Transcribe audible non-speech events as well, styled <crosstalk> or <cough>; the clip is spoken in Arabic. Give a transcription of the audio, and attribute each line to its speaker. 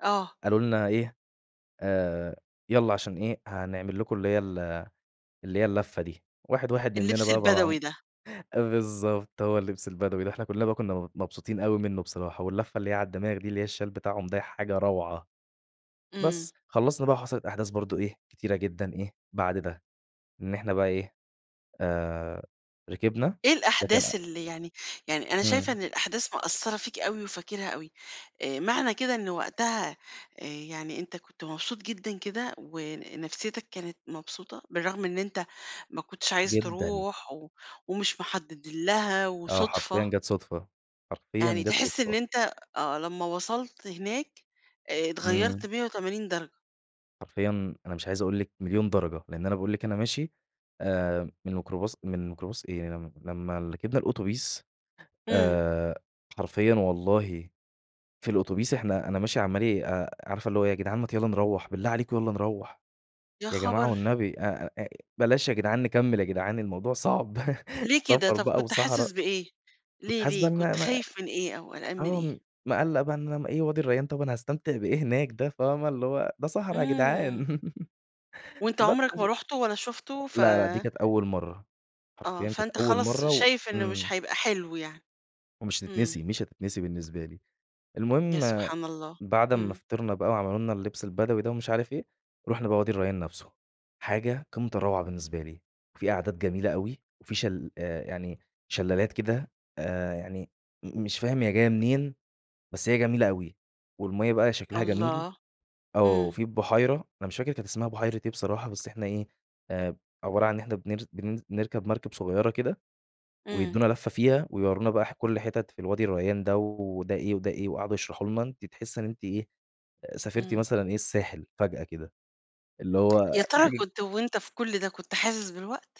Speaker 1: آه.
Speaker 2: قالوا لنا إيه، آآ يالّا عشان إيه، هنعمل لكم اللي هي ال اللي هي اللفة دي. واحد، واحد منّنا
Speaker 1: اللبس
Speaker 2: بقى
Speaker 1: البدوي ده.
Speaker 2: <unintelligible> بالضبط، هو اللبس البدوي ده. إحنا كُلّنا بقى كُنّا م مبسوطين أوي منّه بصراحة واللفة اللي هي عالدماغ دي اللي هي الشَال بتاعهم ده حاجة روعة.
Speaker 1: إمم.
Speaker 2: بس، خلّصنا بقى وحصلت أحداث برضه إيه، كتيرة جدًا إيه، بعد ده. إن إحنا بقى إيه، آآ ركبنا،
Speaker 1: إيه
Speaker 2: لكن
Speaker 1: الأحداث اللي يعني يعني أنا شايفة
Speaker 2: إمم.
Speaker 1: إن الأحداث مأثّرة فيك أوي وفاكرها أوي، آآ معنى كده إنه وقتها آآ يعني أنت كنت مبسوط جدًا كده ونفسيّتك كانت مبسوطة، بالرغم إن أنت ما كنتش عايز
Speaker 2: جدًا.
Speaker 1: تروح و ومش محدِّد لها
Speaker 2: آه، حرفيًا
Speaker 1: وصدفة.
Speaker 2: جات صدفة. حرفيًا
Speaker 1: يعني
Speaker 2: جات
Speaker 1: تحِس إن
Speaker 2: صدفة.
Speaker 1: أنت آه. لمّا وصلت هناك، اتغيّرت
Speaker 2: إمم.
Speaker 1: مِيَّة وتمانين درجة.
Speaker 2: حرفيًا أنا مش عايز أقول لكِ مليون درجة، لإن أنا باقول لكِ أنا ماشي آآ من ميكروباص من ميكروباص إيه م لمّا ركبنا الأوتوبيس
Speaker 1: إمم.
Speaker 2: آآ حرفيًا والله في الأوتوبيس إحنا أنا ماشي عمّال أ عارفة اللي هو يا جدعان ما ت يالّا نروّح، بالله عليكم يالّا نروّح،
Speaker 1: يا
Speaker 2: يا جماعة
Speaker 1: خبر!
Speaker 2: والنبي أ أ بلاش يا جدعان نكمّل يا جدعان الموضوع صعب
Speaker 1: ليه
Speaker 2: <chuckles>
Speaker 1: كده.
Speaker 2: سفر
Speaker 1: طب
Speaker 2: بقى
Speaker 1: كنت
Speaker 2: وصحرا
Speaker 1: حاسس بإيه؟
Speaker 2: كنت
Speaker 1: ليه،
Speaker 2: حاسس بقى
Speaker 1: ليه؟
Speaker 2: إن أنا
Speaker 1: كنت
Speaker 2: م
Speaker 1: خايف من إيه أو قلقان من
Speaker 2: آه.
Speaker 1: إيه؟
Speaker 2: م مِقلَّق بقى إن أن وادي الريّان طب أنا هاستمتع بإيه هناك ده فاهمة؟ اللي هو ده صحرا يا جدعان.
Speaker 1: إمم.
Speaker 2: <laughs>
Speaker 1: وأنت
Speaker 2: بس
Speaker 1: عُمرك ما
Speaker 2: ف
Speaker 1: رُحته ولا شُفته ف
Speaker 2: لا، لا دي كانت أول مرّة.
Speaker 1: آه.
Speaker 2: حرفيًا كانت
Speaker 1: فأنت
Speaker 2: أول
Speaker 1: خلاص
Speaker 2: مرّة و
Speaker 1: شايف إنه مش
Speaker 2: إمم.
Speaker 1: هيبقى حلو يعني.
Speaker 2: ومش هتتنسي،
Speaker 1: إمم.
Speaker 2: مش هتتنسي بالنسبة لي.
Speaker 1: يا
Speaker 2: المهم
Speaker 1: سبحان الله!
Speaker 2: بعد أمّا
Speaker 1: إمم.
Speaker 2: فطرنا بقى وعملوا لنا اللبس البدوي ده ومش عارف إيه، رُحنا بقى وادي الريّان نفسه. حاجة قمّة الروعة بالنسبة لي. في أعداد جميلة أوي وفي شل آآ يعني شلالات كده آآ يعني م مش فاهم هي جاية منين، بس هي جميلة أوي. والمَيَّة بقى شكلها جميل
Speaker 1: الله.
Speaker 2: آه.
Speaker 1: إمم.
Speaker 2: وفي البحيرة، أنا مش فاكر كانت اسمها بحيرة إيه بصراحة، بس إحنا إيه، آآ عبارة عن إحنا بنر بننز نركب مركب صغيرة كده،
Speaker 1: إمم.
Speaker 2: ويدّونا لفة فيها ويورّونا بقى ح كل حِتَت في الوادي الريّان ده و وده إيه وده إيه وقعدوا يشرحوا لنا أنتِ تحسّي إن أنتِ إيه، سافرتِ
Speaker 1: إمم.
Speaker 2: مثلًا إيه، الساحل فجأة كده، اللي هو
Speaker 1: يا
Speaker 2: دي
Speaker 1: ترى
Speaker 2: حاجة
Speaker 1: كنت وأنت في كل ده، كنت حاسس بالوقت؟